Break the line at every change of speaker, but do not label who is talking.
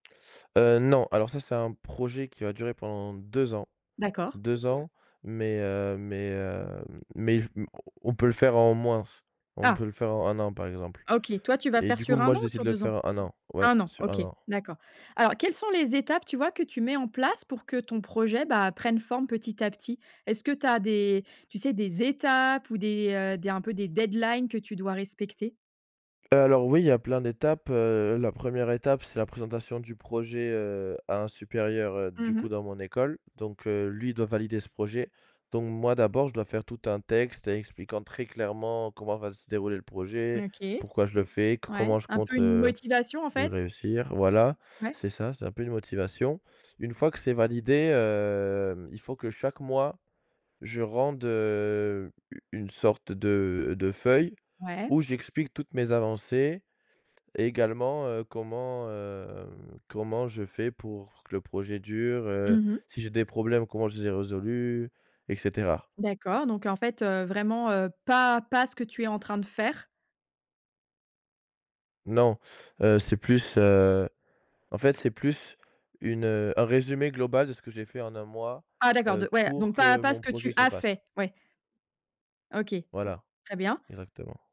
Heu, non, alors ça, c'est un projet qui va durer pendant 2 ans,
D'accord.
2 ans, mais heu, mais heu, mais il f on on peut le faire en moins f on
Ah!
peut le faire en 1 an, par exemple.
OK, toi tu vas
Et
faire
du coup,
sur 1
moi,
an
je
ou
décide de
sur
le
2 ans?
faire en 1 an, ouais,
1 an.
sur 1
OK,
an.
d'accord. Alors quelles sont les étapes tu vois que tu mets en place pour que ton projet, bah, prenne forme petit à petit? Est-ce que tu as des, tu sais, des étapes ou des, heu, des un peu des deadlines que tu dois respecter?
Heu, alors oui, il y a plein d'étapes, heu, la 1re étape c'est la présentation du projet, heu, à un supérieur, heu, du
Mmh
coup
mh.
dans mon école, donc heu, lui il doit valider ce projet. Donc, moi d'abord je dois faire tout un texte, expliquant très clairement comment va se dérouler le projet,
OK.
pourquoi je le fais, co
Ouais.
comment je
Un peu
compte
une motivation en fait?
réussir voilà,
Ouais.
c'est ça, c'est un peu une motivation. Une fois que c'est validé, heu, il faut que chaque mois, je rende, heu, u une sorte de de feuille
Ouais.
où j'explique toutes mes avancées et également, heu, comment, heu, comment je fais pour que le projet dure, heu,
Mmh mh.
si j'ai des problèmes, comment je les ai résolus, et cetera.
D'accord, donc en fait, heu, vraiment, heu, pas pas ce que tu es en train de faire?
Non, heu, c'est plus heu, en fait c'est plus une, heu un résumé global de ce que j'ai fait en 1 mois,
Ah, d'accord.
heu,
De ouais,
pour
donc pas
que
pas ce
mon
que
projet
tu
se
as
fasse.
fait? Ouais. OK,
Voilà,
très bien.
exactement.